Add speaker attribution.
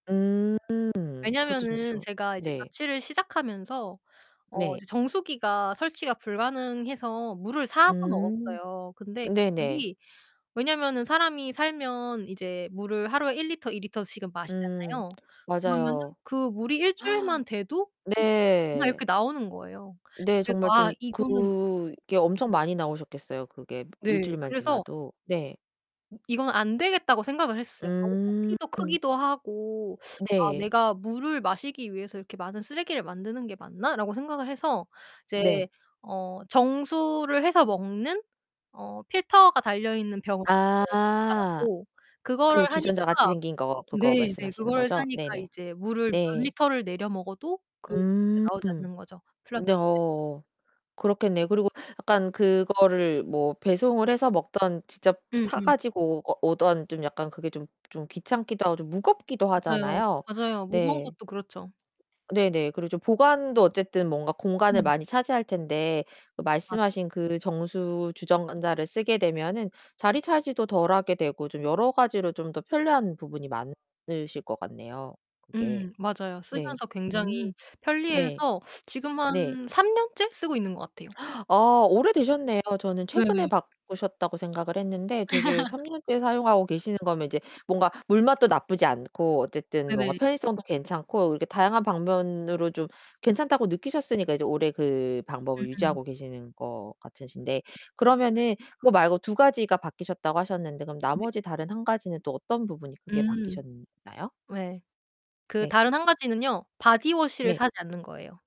Speaker 1: 음 그것도 진짜
Speaker 2: 왜냐면은
Speaker 1: 좋
Speaker 2: 제가 이제
Speaker 1: 네.
Speaker 2: 자취를 시작하면서 어
Speaker 1: 네.
Speaker 2: 이제 정수기가 설치가 불가능해서 물을 사서
Speaker 1: 음.
Speaker 2: 먹었어요. 근데
Speaker 1: 네네.
Speaker 2: 물이 왜냐면은 사람이 살면 이제 물을 하루에 1L 2L씩은
Speaker 1: 음.
Speaker 2: 마시잖아요. 그러면은
Speaker 1: 맞아요.
Speaker 2: 그 물이 일주일만 돼도 막
Speaker 1: 네.
Speaker 2: 이렇게 나오는 거예요.
Speaker 1: 네.
Speaker 2: 그래서
Speaker 1: 정말
Speaker 2: 아
Speaker 1: 좀
Speaker 2: 이거는
Speaker 1: 그게 엄청 많이 나오셨겠어요. 그게
Speaker 2: 네
Speaker 1: 일주일만
Speaker 2: 그래서
Speaker 1: 지나도. 네.
Speaker 2: 이건 안 되겠다고 생각을 했어요. 너무
Speaker 1: 음.
Speaker 2: 부피도 크기도 하고 '아
Speaker 1: 네.
Speaker 2: 내가 물을 마시기 위해서 이렇게 많은 쓰레기를 만드는 게 맞나?'라고 생각을 해서 이제
Speaker 1: 네.
Speaker 2: 어 정수를 해서 먹는 어 필터가 달려 있는 병 어. [unintelligible] 사
Speaker 1: 아.
Speaker 2: 갖고 그거를
Speaker 1: 그
Speaker 2: 하니까
Speaker 1: 주전자같이 생긴 거 그거
Speaker 2: 네 네.
Speaker 1: 말씀하시는
Speaker 2: 그거를
Speaker 1: 거죠?
Speaker 2: 사니까
Speaker 1: 네네.
Speaker 2: 이제 물을 몇
Speaker 1: 네.
Speaker 2: 리터를 내려 먹어도 그게
Speaker 1: 음.
Speaker 2: 나오지 않는 거죠 플라스틱.
Speaker 1: 네어. 그렇겠네요. 그리고 약간 그거를 뭐 배송을 해서 먹든 직접 사
Speaker 2: 음음.
Speaker 1: 가지고 오 어 오든 좀 약간 그게 좀 좀 귀찮기도 하고 좀 무겁기도
Speaker 2: 맞아요.
Speaker 1: 하잖아요?
Speaker 2: 맞아요. 무거운
Speaker 1: 네.
Speaker 2: 것도 그렇죠.
Speaker 1: 네네. 그렇죠. 보관도 어쨌든 뭔가 공간을
Speaker 2: 음.
Speaker 1: 많이 차지할 텐데
Speaker 2: 맞
Speaker 1: 말씀하신 그 정수 주전자를 쓰게 되면은 자리 차지도 덜하게 되고 좀 여러 가지로 좀 더 편리한 부분이 많으실 것 같네요. 그게.
Speaker 2: 음 맞아요.
Speaker 1: 네.
Speaker 2: 쓰면서 굉장히
Speaker 1: 음. 네.
Speaker 2: 편리해서 지금 한
Speaker 1: 네.
Speaker 2: 3 년째 쓰고 있는 것 같아요.
Speaker 1: 어 오래되셨네요. 저는 최근에
Speaker 2: 네네.
Speaker 1: 바꾸셨다고 생각을 했는데 되게 3 년째 사용하고 계시는 거면 이제 뭔가 물맛도 나쁘지 않고, 어쨌든 뭔가
Speaker 2: 네네.
Speaker 1: 편의성도 괜찮고, 이렇게 다양한 방면으로 좀 괜찮다고 느끼셨으니까 이제 오래 그 방법을
Speaker 2: 음음.
Speaker 1: 유지하고 계시는 거 같으신데,
Speaker 2: 네네.
Speaker 1: 그러면은 그거 말고 2 가지가 바뀌셨다고 하셨는데 그럼
Speaker 2: 네.
Speaker 1: 나머지 다른 1 가지는 또 어떤 부분이 크게
Speaker 2: 음.
Speaker 1: 바뀌셨나요?
Speaker 2: 왜. 그
Speaker 1: 네.
Speaker 2: 다른 한 가지는요. 바디워시를
Speaker 1: 네.
Speaker 2: 사지 않는 거예요.